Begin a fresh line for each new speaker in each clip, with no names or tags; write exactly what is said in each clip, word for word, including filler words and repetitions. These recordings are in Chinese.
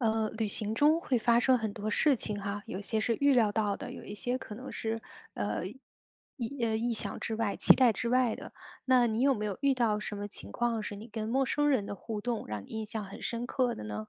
呃，旅行中会发生很多事情哈，有些是预料到的，有一些可能是，呃，意呃，意想之外，期待之外的。那你有没有遇到什么情况是你跟陌生人的互动让你印象很深刻的呢？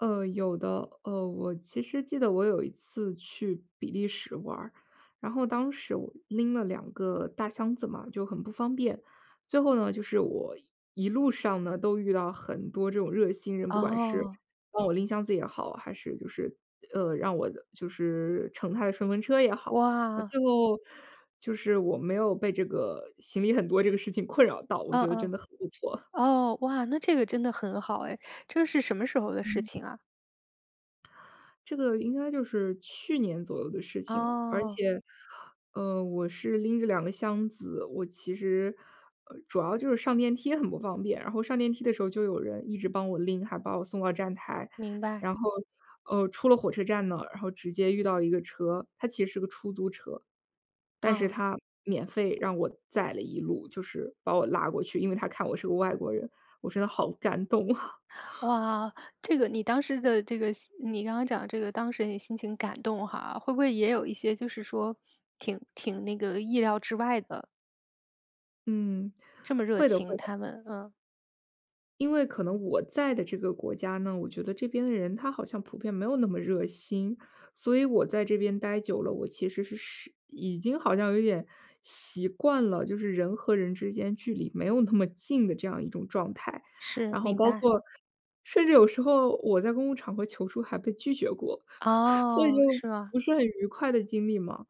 呃，有的，呃，我其实记得我有一次去比利时玩儿，然后当时我拎了两个，大箱子嘛，就很不方便。最后呢，就是我一路上呢都遇到很多这种热心人，不管是
哦。
帮我拎箱子也好，还是就是呃，让我就是乘他的顺风车也好，那
哇。
最后，就是我没有被这个，行李很多这个事情困扰到我
嗯
觉得真
嗯。
的很不错。
哦，哇，那这个真的很好哎，这是什么时候的事
嗯。
情啊？
这个应该就是，去年左右的事情。而
哦。
且，呃，我是拎着两个箱子，我其实，嗯，主要就是上电梯很不方便，然后上电梯的时候就有人一直帮我拎，还把我送到站台。
明白。
然后，呃，出了火车站呢，然后直接遇到一个车，它其实是个出租车，但是
哦。
他，免费让我载了一路，就是，把我拉过去，因为他看我是个外国人，我真的好感动啊。
哇，这个你当时的，这个你刚刚讲的这个当事人的心情感动哈，会不会也有一些就是说，挺挺那个意料之外的？
嗯，
这么热
会的
情，
会的。
他们，嗯。
因为可能我在的这个国家呢，我觉得这边的人他好像普遍没有那么热心。所以我在这边呆久了，我其实是是已经好像有点，习惯了就是人和人之间距离没有那么近的这样一种状态。
是，
然后
明
包
白。
括甚至有时候我在公共场合求助还被拒绝过，所以
哦，
就，
是吧。
不是很愉快的经历嘛。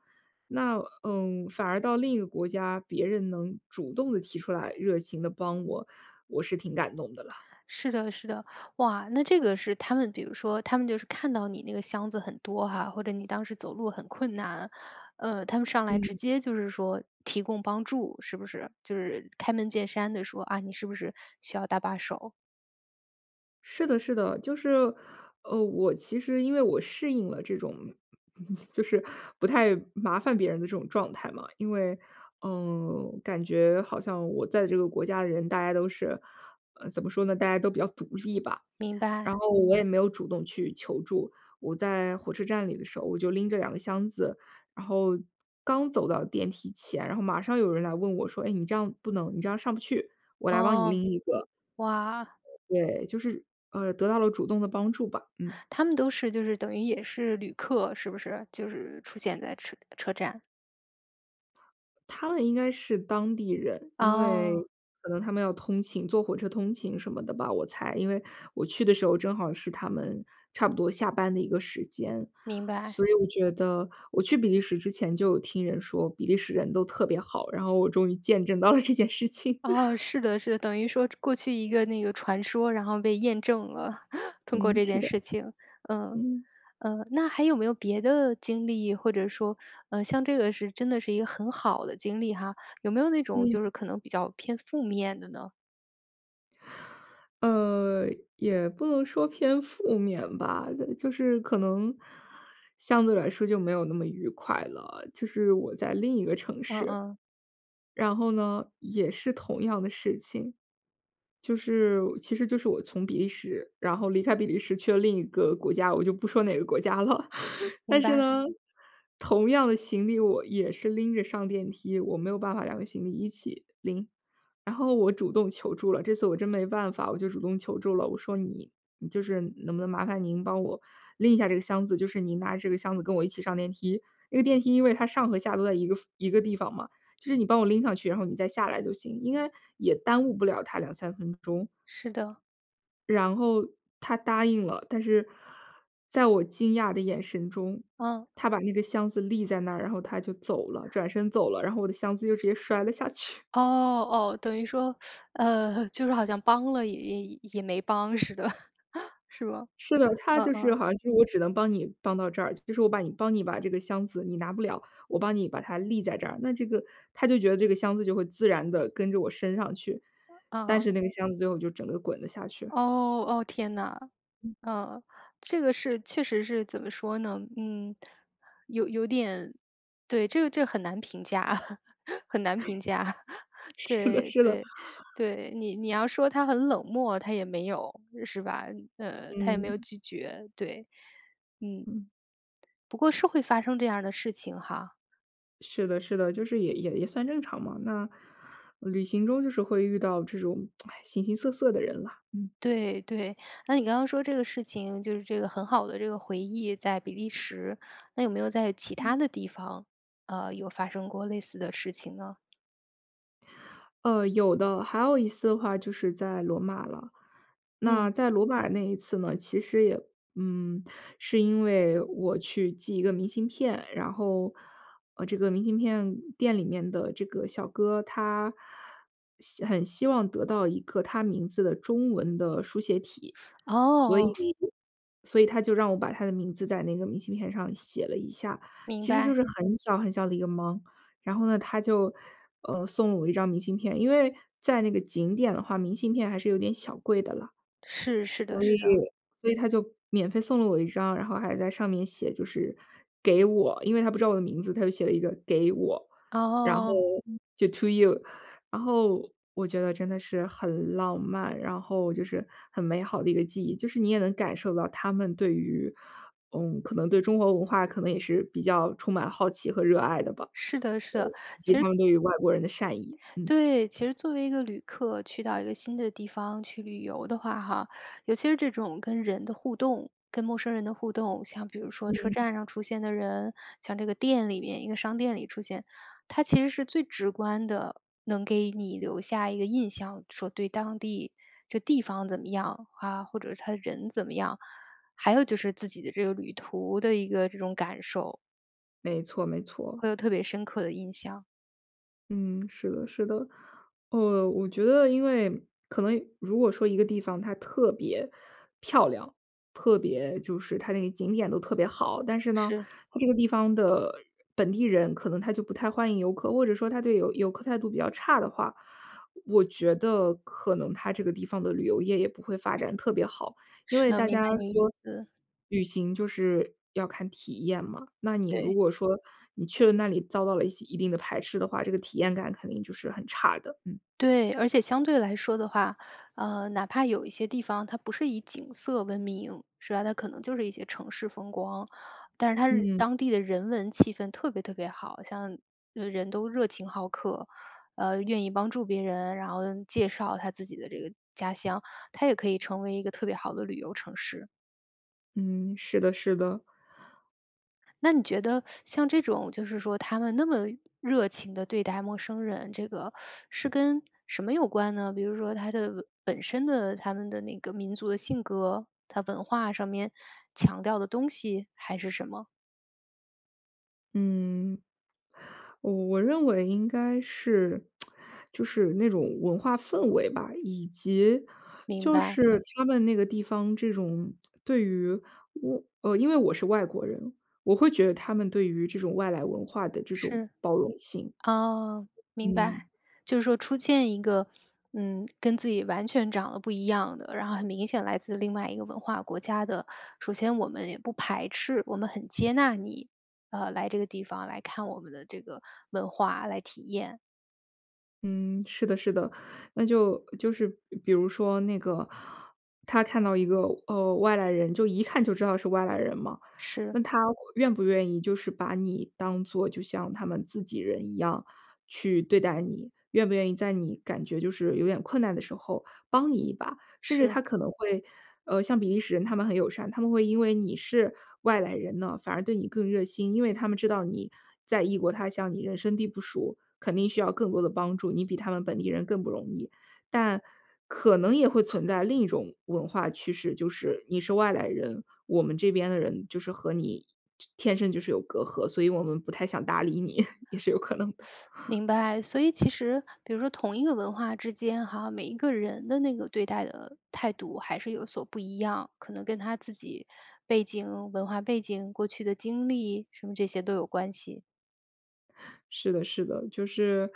那嗯，反而到另一个国家，别人能主动地提出来，热情地帮我，我是挺感动的啦。
是的是的。哇，那这个是他们比如说，他们就是看到你那个箱子很多哈，或者你当时走路很困难，呃，他们上来直
嗯。
接就是说提供帮助，是不是？就是开门见山地说，啊，你是不是需要搭把手？
是的是的，就是，呃，我其实因为我适应了这种，就是不太麻烦别人的这种状态嘛。因为，呃，感觉好像我在这个国家的人，大家都是，呃，怎么说呢，大家都比较独立吧。
明
然
白。
后我也没有主动去求助，我在火车站里的时候，我就拎着两个箱子，然后，刚走到电梯前，然后马上有人来问我说，哎，你这样不能，你这样上不去，我来帮你
哦，
拎一个。
哇。
对，就是，呃，得到了主动的帮助吧，嗯。
他们都是，就是等于也是旅客，是不是？就是出现在车车站。
他们应该是当地人，因
哦。
为可能他们要通勤，坐火车通勤什么的吧，我猜。因为我去的时候正好是他们差不多下班的一个时间，
明白。
所以我觉得我去比利时之前就有听人说，比利时人都特别好，然后我终于见证到了这件事情。
哦，是的是的，等于说过去一个那个传说，然后被验证了，通过
嗯，
这
是
件
的。
事情。呃，
嗯。
呃，那还有没有别的经历，或者说，呃，像这个是真的是一个很好的经历哈，有没有那种，
嗯。
就是可能比较偏负面的呢？
呃，也不能说偏负面吧，就是可能，相对来说就没有那么愉快了，就是我在另一个城
嗯
市。
嗯。
然后呢，也是同样的事情。就是其实就是我从比利时，然后离开比利时去了另一个国家，我就不说哪个国家了。
明
但是
白。
呢，同样的行李，我也是拎着上电梯，我没有办法两个行李一起拎。然后我主动求助了，这次我真没办法，我就主动求助了。我说：“你你，就是能不能麻烦您帮我拎一下这个箱子，就是您拿着这个箱子跟我一起上电梯，那个电梯因为它上和下都在一个一个地方嘛，就是你帮我拎上去，然后你再下来就行。“应该也耽误不了他两三分钟。
是的。
然后他答应了，但是在我惊讶的眼神中，
嗯。
他把那个箱子立在那儿，然后他就走了，转身走了。然后我的箱子就直接摔了下去。
哦，哦，等于说，呃，就是好像帮了也也也没帮似的，是的，是吧？
是的，他
嗯
就是
嗯。
好像就是我只能帮你帮到这儿，就是我把你帮你把这个箱子你拿不了，我帮你把它立在这儿，那这个他就觉得这个箱子就会自然地跟着我升上去，但
哦。
是那个箱子最后就整个滚了下去。
哦，哦，天呐。
嗯。
呃，这个是确实是怎么说呢？嗯，有有点对，这个这个很难评价，很难评价。
是的
对，
是的。
对，对，你你要说他很冷漠，他也没有，是吧？呃，他也没有
嗯。
拒绝，对，嗯。
嗯。
不过是会发生这样的事情哈。
是的是的，就是也也也算正常嘛，那旅行中就是会遇到这种 形形色色的人啦，嗯。
对，对，那你刚刚说这个事情就是这个很好的这个回忆在比利时，那有没有在其
嗯。
它的地方，呃，有发生过类似的事情呢？
呃，有的。还有一次的话就是在罗马了。那
嗯。
在罗马那一次呢，其实也嗯，是因为我去寄一个明信片，然后，呃，这个明信片店里面的这个小哥，他希很希望得到一个他名字的中文的书写体。所以
哦。
所以他就让我把他的名字在那个明信片上写了一下，
明
其实就
白。
是很小很小的一个忙。然后呢，他就，呃，送了我一张明信片，因为在那个景点的话，明信片还是有点小贵的了。
是，是的
所
是
以
的。
所以他就免费送了我一张，然后还在上面写就是给我。因为他不知道我的名字，他就写了一个“给我“，然后
哦。
就 to you。然后我觉得真的是很浪漫，然后就是很美好的一个记忆，就是你也能感受到他们对于，呃，可能对中国文化可能也是比较充满好奇和热爱的吧。
是的是
呃，
的，
以及
其实
他们对于外国人的善意，嗯。
对，其实作为一个旅客去到一个新的地方去旅游的话哈，尤其是这种跟人的互动，跟陌生人的互动，像比如说车
嗯。
站上出现的人，像这个店里面，一个商店里出现。它其实是最直观的能给你留下一个印象，说对当地这地方怎么样，啊，或者它的人怎么样，还有就是自己的这个旅途的一个这种感受。
没错没错。
会有特别深刻的印象。
嗯，是的是的。呃，我觉得因为可能如果说一个地方它特别漂亮，特别就是它那个景点都特别好，但是呢，
是。
它这个地方的本地人可能他就不太欢迎游客，或者说他对游游客态度比较差的话，我觉得可能它这个地方的旅游业也不会发展特别好。因
是
为
的，
大
明
家
白你意
说，
思。
旅行就是要看体验嘛，那你如
对。
果说你去了那里遭到了一些一定的排斥的话，这个体验感肯定就是很差的。嗯。
对，而且相对来说的话，呃，哪怕有一些地方，它不是以景色闻名，是吧？它可能就是一些城市风光，但是它是
嗯。
当地的人文气氛特别特别好。像人都热情好客，呃，愿意帮助别人，然后介绍他自己的这个家乡，它也可以成为一个特别好的旅游城市。
嗯，是的是的。
那你觉得像这种，就是说他们那么热情地对待陌生人，这个是跟什么有关呢？比如说他的本身的他们的那个民族的性格，他文化上面强调的东西，还是什么？
嗯，我我认为应该是 就是那种文化氛围吧，以及
明
就
白。
是他们那个地方这种对于，呃，因为我是外国人，我会觉得他们对于这种外来文化的这种
是，
包容性。
哦，明白。
嗯。
就是说出现一个，嗯，跟自己完全长得不一样的，然后很明显来自另外一个文化国家的。首先我们也不排斥，我们很接纳你，呃，来这个地方来看我们的这个文化来体验。
嗯，是的，是的。那就就是比如说那个他看到一个，呃，外来人就一看就知道是外来人嘛，
是。
那他愿不愿意就是把你当做就像他们自己人一样去对待你？愿不愿意在你感觉就是有点困难的时候帮你一把？甚至
是。
他可能会，呃，像比利时人他们很友善，他们会因为你是外来人呢，反而对你更热心。因为他们知道你在异国他乡，你人生地不熟，肯定需要更多的帮助，你比他们本地人更不容易。但可能也会存在另一种文化趋势，就是你是外来人，我们这边的人就是和你天生就是有隔阂，所以我们不太想搭理你，也是有可能的。
明白。所以其实比如说同一个文化之间哈，每一个人的那个对待的态度还是有所不一样，可能跟他自己背景、文化背景，过去的经历什么这些都有关系。
是的是的，就是，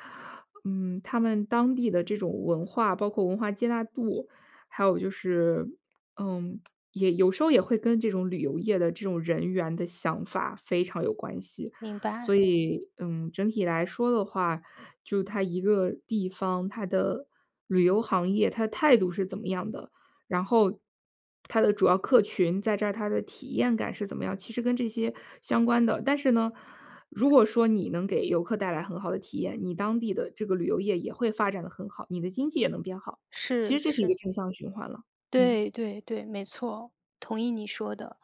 嗯，他们当地的这种文化，包括文化接纳度，还有就是，嗯，也有时候也会跟这种旅游业的这种人员的想法非常有关系。
明
所
白。
以，嗯，整体来说的话，就它一个地方，它的旅游行业，它态度是怎么样的。然后，它的主要客群在这儿，它的体验感是怎么样，其实跟这些相关的。但是呢，如果说你能给游客带来很好的体验，你当地的这个旅游业也会发展得很好，你的经济也能变好。其
是，
实这是一个
是。
正向循环了。嗯。
对，对，对，没错儿，同意你说的。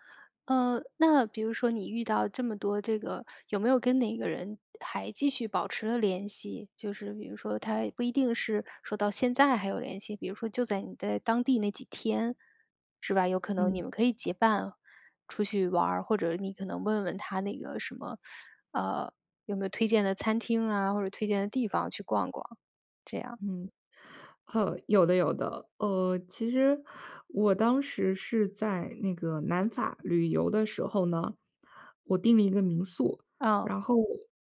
呃，那比如说你遇到这么多这个，有没有跟哪个人还继续保持了联系，就是比如说他不一定是说到现在还有联系，比如说就在你在当地那几天，是吧？有可能
嗯。
你们可以结伴，出去玩儿，或者你可能问问他那个什么，呃，有没有推荐的餐厅啊，或者推荐的地方，去逛逛，这样儿？
嗯，哦，有的有的。呃，其实，我当时是在那个南法旅游的时候呢，我订了一个民宿。
嗯。
然后，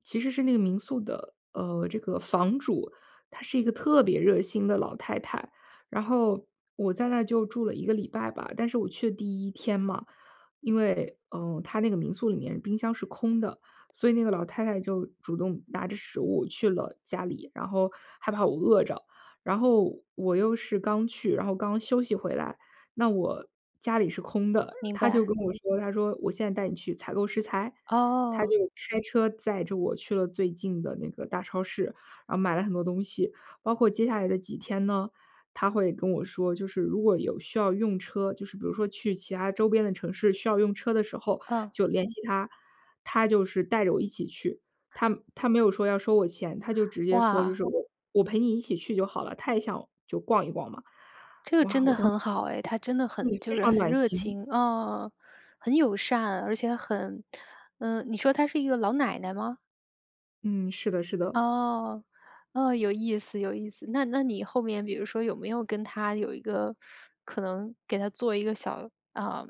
其实是那个民宿的，呃，这个房主，她是一个特别热心的老太太。然后，我在那儿就住了一个礼拜吧，但是我去的第一天嘛，因为，呃，她那个民宿里面冰箱是空的，所以那个老太太就主动拿着食物去了家里，然后害怕我饿着。然后，我又是刚去，然后刚休息回来，那我家里是空的。
明
她就
白。
跟我说，她说：“我现在带你去采购食材？”她就
哦。
开车载着我去了最近的那个大超市，然后买了很多东西。包括接下来的几天呢，她会跟我说，就是如果有需要用车，就是比如说去其他周边的城市需要用车的时候，
嗯。
就联系她，她就是带着我一起去。她她没有说要收我钱，她就直接说就
哇。
是：“我我陪你一起去就好了。”她也想，就逛一逛嘛。
这个
哇，
真的
我当时，
很好哎，她真的
对，
很
非
就是
常
很
暖
热
心。
情。啊，很友善，而且很呃，你说她是一个老奶奶吗？
嗯，是的，是的。
哦，哦，有意思有意思。那那你后面比如说有没有跟她有一个，可能给她做一个小，呃，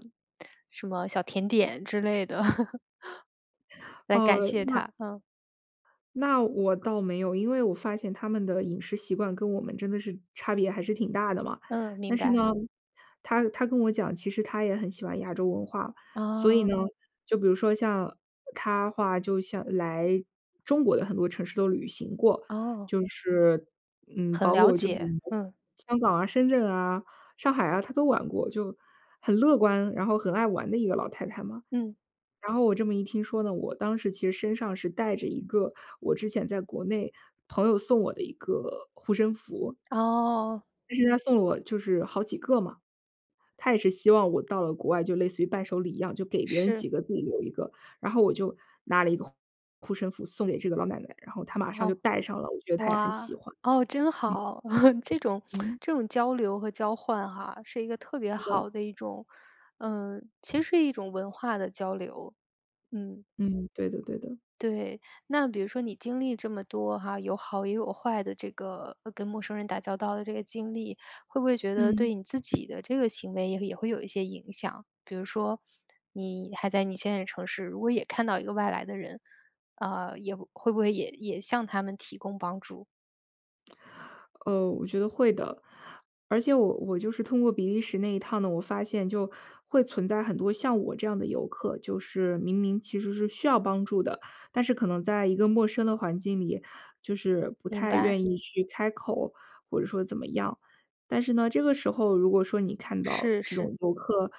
什么小甜点之类的 来感
呃，
谢
那
她？嗯。
那我倒没有，因为我发现他们的饮食习惯跟我们真的是差别还是挺大的嘛。
嗯，明
但是
白。
呢，她她跟我讲，其实她也很喜欢亚洲文化。所以呢，
哦。
就比如说像她的话，就像来中国的很多城市都旅行过。
哦。
就是，嗯，
很
包
了
括就是
解，嗯。
香港啊、深圳啊、上海啊，她都玩过，就很乐观，然后很爱玩的一个老太太嘛。
嗯。
然后我这么一听说呢，我当时其实身上是带着一个我之前在国内朋友送我的一个护身符。
哦。
但是他送了我就是好几个嘛，他也是希望我到了国外，就类似于伴手礼一样就给别人
是。
几个自己留一个。然后我就拿了一个护护身符送给这个老奶奶，然后她马上就
哦，
戴上了，我觉得她也很
哇，
喜欢。
哦，真
嗯。
好。这种
嗯。
这种交流和交换哈，是一个特别
是的。
好的一种呃，其实是一种文化的交流，嗯。
嗯，对的，对的。
对，那比如说你经历这么多哈，有好也有坏的这个，呃，跟陌生人打交道的这个经历，会不会觉得
嗯。
对你自己的这个行为也也会有一些影响？比如说你还在你现在的城市，如果也看到一个外来的人，呃，也会不会也也向他们提供帮助？
呃，我觉得会的。而且我我就是通过比利时那一趟呢，我发现就会存在很多像我这样的游客，就是明明其实是需要帮助的，但是可能在一个陌生的环境里，就是不
明
太
白。
愿意去开口，或者说怎么样。但是呢，这个时候如果说你看到
是，
这
是。
种游客，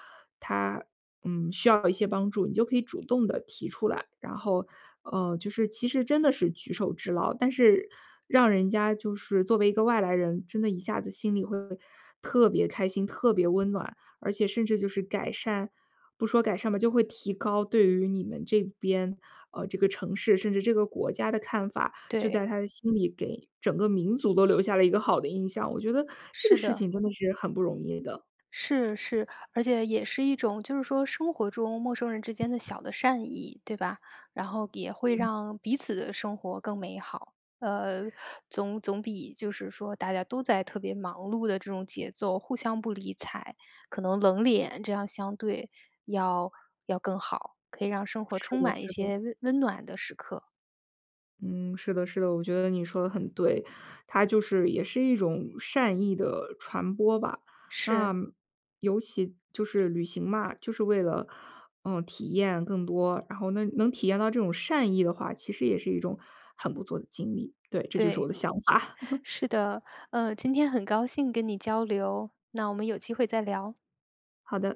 他，嗯，需要一些帮助，你就可以主动地提出来。然后，呃，就是其实真的是举手之劳，但是让人家就是作为一个外来人，真的一下子心里会特别开心、特别温暖。而且甚至就是改善不说改善吧，就会提高对于你们这边，呃，这个城市，甚至这个国家的看法，就
对。
在他的心里给整个民族都留下了一个好的印象。我觉得这个
是
事
的。
情真的是很不容易的。
是，是，而且也是一种就是说生活中陌生人之间的小的善意，对吧？然后也会
嗯。
让彼此的生活更美好，呃，总总比就是说大家都在特别忙碌的这种节奏，互相不理睬，可能冷脸这样相对要要更好，可以让生活
是
充
的
满一
是的。
些温温暖的时刻。
嗯，是的是的，我觉得你说得很对。它就是也是一种善意的传播吧，那
是。
尤其就是旅行嘛，就是为了，嗯，体验更多。然后能能体验到这种善意的话，其实也是一种很不错的经历，对，这就是我
对，
的想法。
是的。呃，今天很高兴跟你交流，那我们有机会再聊。
好的。